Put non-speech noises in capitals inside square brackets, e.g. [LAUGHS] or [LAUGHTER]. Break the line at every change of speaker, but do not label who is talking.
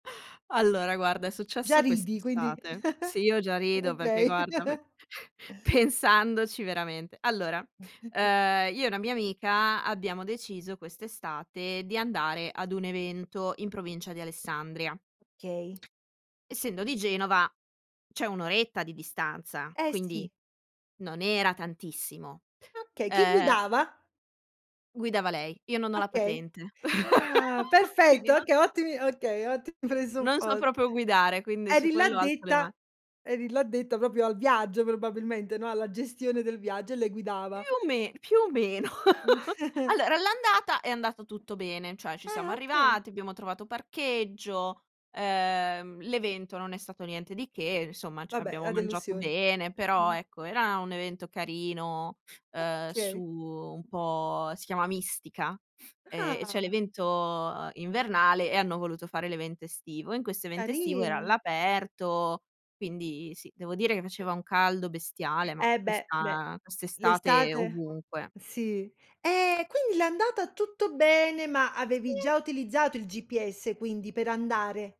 [LAUGHS] Allora guarda è
Già
successo
ridi, quindi
quest'estate. Sì, io già
[LAUGHS]
rido perché,
okay.
guarda, me
[LAUGHS]
[CHUCKLES] pensandoci veramente. Allora,
[CHUCKLES]
uhm, io e una mia amica abbiamo deciso quest'estate di andare ad un evento, in provincia di Alessandria.
Okay.
Essendo di Genova c'è 1 oretta di distanza,
Eh,
quindi
sì.
non era tantissimo.
Okay, chi
Uhm
guidava?
Guidava lei, io non ho la
Okay,
patente,
ah
[LAUGHS] quindi
perfetto,
non
okay, ottimi okay, ottimi
non so
presuppos
proprio guidare, quindi su
Eri
quello alzo le
l'addetta
ma
eri l'addetta proprio al viaggio probabilmente, no, alla gestione del viaggio, e lei
Più
guidava.
o me più o meno. [LAUGHS]
[CHUCKLES]
Allora, all'andata è andato tutto bene, cioè ci siamo
Ah, okay.
arrivati, abbiamo trovato parcheggio, uhm, l'evento non è stato niente di che, insomma c
Vabbè,
abbiamo
la
mangiato
delusione.
bene, però
Mh-mh.
ecco, era un evento carino, uhm, su,
Okay.
un po', si chiama mistica, ehm, e c'è
Ah.
l'evento invernale e hanno voluto fare l'evento estivo. E in questo evento estivo era
Carino.
all'aperto, quindi sì, devo dire che faceva un caldo bestiale, ma
Eh beh, beh,
questa quest'estate
l'estate
ovunque.
sì. Ehm, quindi l'andata tutto bene, ma avevi
Sì
già utilizzato il GPS, quindi, per andare?